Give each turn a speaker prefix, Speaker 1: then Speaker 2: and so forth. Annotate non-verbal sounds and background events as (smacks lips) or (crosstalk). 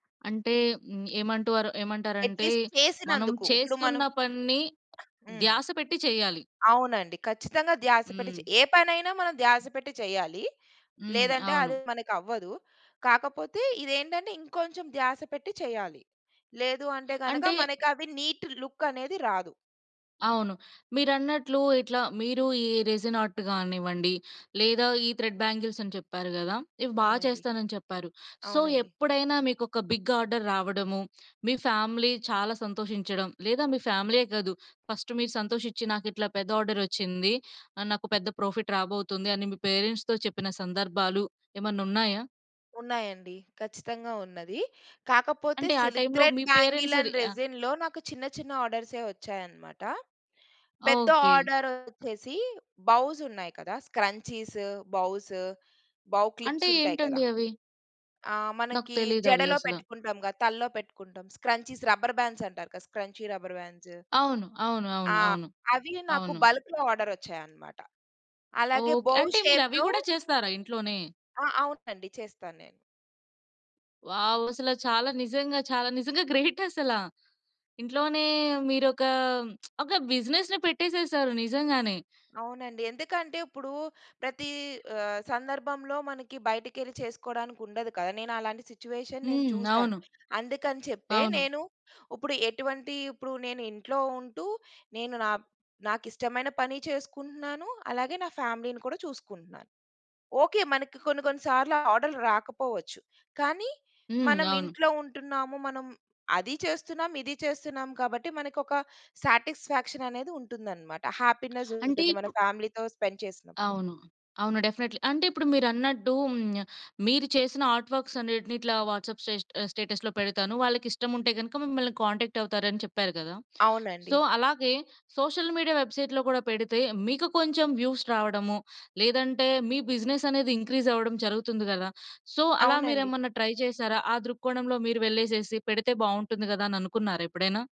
Speaker 1: అంటే, మ్ ఏమంటోర ఏమంటారంటే
Speaker 2: అట్‌లీస్ట్
Speaker 1: మనం
Speaker 2: చేసినందుకు, ఇప్పుడు
Speaker 1: చేస్తున్న
Speaker 2: మనం
Speaker 1: పనిని
Speaker 2: హ్మ్.
Speaker 1: ధ్యాస పెట్టి చేయాలి.
Speaker 2: అవునండి. ఖచ్చితంగా ధ్యాస పెట్టి
Speaker 1: హ్మ్.
Speaker 2: చె ఏ పనైనా మనం ధ్యాస పెట్టి చేయాలి.
Speaker 1: హ్మ్.
Speaker 2: లేదంటే
Speaker 1: అవును
Speaker 2: అది మనకు అవ్వదు. కాకపోతే ఇదేంటంటే ఇంకొంచెం ధ్యాస పెట్టి చెయ్యాలి. లేదు అంటే గనక
Speaker 1: అంటే
Speaker 2: మనకి అవి నీట్ లుక్ అనేది రాదు.
Speaker 1: అవును. మీరన్నట్లు ఇట్లా మీరు ఈ రెసిన్ ఆర్ట్ కానివ్వండి లేదా ఈ థ్రెడ్ బ్యాంగిల్స్ అని చెప్పారు గదా! ఇవి బా
Speaker 2: అవునండి.
Speaker 1: చేస్తానని చెప్పారు. సో,
Speaker 2: అవునండి.
Speaker 1: ఎప్పుడైనా మీకు ఒక బిగ్ ఆర్డర్ రావడము, మీ ఫ్యామిలీ చాలా సంతోషించడం, లేదా మీ ఫ్యామిలీయే కాదు ఫస్ట్ మీరు సంతోషించి, నాకు ఇట్లా పెద్ద ఆర్డర్ వచ్చింది. ఆహ్, నాకు పెద్ద ప్రాఫిట్ రాబోతుంది, అని మీ పేరెంట్స్‌తో చెప్పిన సందర్భాలు ఏమన్న ఉన్నాయా?
Speaker 2: ఉన్నాయండి. ఖచ్చితంగా ఉన్నది. కాకపోతే
Speaker 1: అంటే ఆ
Speaker 2: సిల్క్
Speaker 1: టైమ్‌లో
Speaker 2: థ్రెడ్
Speaker 1: మీ
Speaker 2: బ్యాంగిల్
Speaker 1: పేరెంట్స్ రి
Speaker 2: అండ్
Speaker 1: ఆహ్
Speaker 2: రెసిన్‌లో నాకు చిన్న చిన్న ఆర్డర్సే వచ్చాయనమాట. పెద్ద
Speaker 1: ఓకే.
Speaker 2: ఆర్డర్ వచ్చేసి బౌస్ ఉన్నాయి కదా! స్క్రంచీసు బౌసు బౌ
Speaker 1: అంటే
Speaker 2: క్లిప్స్ ఉంటాయి కదా!
Speaker 1: ఏంటండి అవి?
Speaker 2: ఆహ్,
Speaker 1: నాకు
Speaker 2: మనకి
Speaker 1: తెలియదవి
Speaker 2: జడలో
Speaker 1: అసల.
Speaker 2: పెట్టుకుంటాంగా తల్లో పెట్టుకుంటాం స్క్రంచీస్ రబ్బర్ బాండ్స్ అంటారు కదా స్క్రంచీ రబ్బర్ బాండ్సు.
Speaker 1: అవును. అవును, అవును,
Speaker 2: ఆ!
Speaker 1: అవును.
Speaker 2: అవి నాకు
Speaker 1: అవును.
Speaker 2: బల్క్‌లో ఆర్డర్ వచ్చాయన్నమాట. అలాగే
Speaker 1: ఓకే.
Speaker 2: బోవ్
Speaker 1: అంటే మీరు అవి
Speaker 2: షేప్‌లో
Speaker 1: గూడా చేస్తారా ఇంట్లోనే?
Speaker 2: ఆ! అవునండి. చేస్తా నేను.
Speaker 1: వావ్! అసల చాలా నిజంగా చాల నిజంగా గ్రేట్ (chuckles) అసల. ఇంట్లోనే మీరు ఒకా (smacks lips) ఒక బిజినెస్‌నే పెట్టేసేసారు నిజంగానే.
Speaker 2: అవునండి. ఎందుకంటే ఇప్పుడు ప్రతీ ఆహ్, సందర్భంలో మనకి బయటకెళ్ళి చేసుకోడానికి ఉండదు కదా! నేను అలాంటి సిట్యుయేషన్ నేను
Speaker 1: హ్మ్.
Speaker 2: చూసాను.
Speaker 1: అవును.
Speaker 2: అందుకని చెప్పే,
Speaker 1: అవును.
Speaker 2: నేను ఇప్పుడు ఎటువంటి ఇప్పుడు నేను ఇంట్లో ఉంటూ నేను నా నాకు ఇష్టమైన పని చేసుకుంటున్నాను. అలాగే నా ఫ్యామిలీ‌ని కూడా చూసుకుంటున్నాను. ఓకే. మనకి కొన్ని కొన్ని సార్లు ఆర్డరర్లు రాకపోవచ్చు. కానీ
Speaker 1: హ్మ్.
Speaker 2: మనం
Speaker 1: అవును.
Speaker 2: ఇంట్లో ఉంటున్నాము. మనం అదీ చేస్తున్నాం, ఇదీ చేస్తున్నాం. కాబట్టి మనకొక సాటిస్ఫాక్షన్ అనేది ఉంటుందన్నమాట. హ్యాపీనెస్
Speaker 1: (breath) అంటే
Speaker 2: ఉంటుంది మన
Speaker 1: ఇప్పు
Speaker 2: ఫ్యామిలీతో స్పెండ్ చేసినప్పుడు.
Speaker 1: అవును. అవును డెఫినెట్లీ. అంటే ఇప్పుడు మీరు అన్నట్టూ హ్మ్, మీరు చేసిన ఆర్ట్ వర్క్స్ అనేటిని ఇట్లా వాట్సాప్ స్టే ఆహ్, స్టేటస్‌లో పెడతాను వాళ్ళకి ఇష్టం ఉంటే గనక మిమ్మల్ని కాంటాక్ట్ అవుతారు అని చెప్పారు కదా.
Speaker 2: అవునండి.
Speaker 1: సో, అలాగే సోషల్ మీడియా వెబ్సైట్‌లో కూడా పెడితే మీకు కొంచెం వ్యూస్ రావడము, లేదంటే మీ బిజినెస్ అనేది ఇంక్రీస్ అవ్వడం జరుగుతుంది గదా! సో, అలా మీరు
Speaker 2: అవునండి.
Speaker 1: ఏమన్నా ట్రై చేసారా? ఆ దృక్కోణంలో మీరు వెళ్ళేసేసి పెడితే బావుంటుంది గదా అని అనుకున్నారా ఎప్పుడైనా?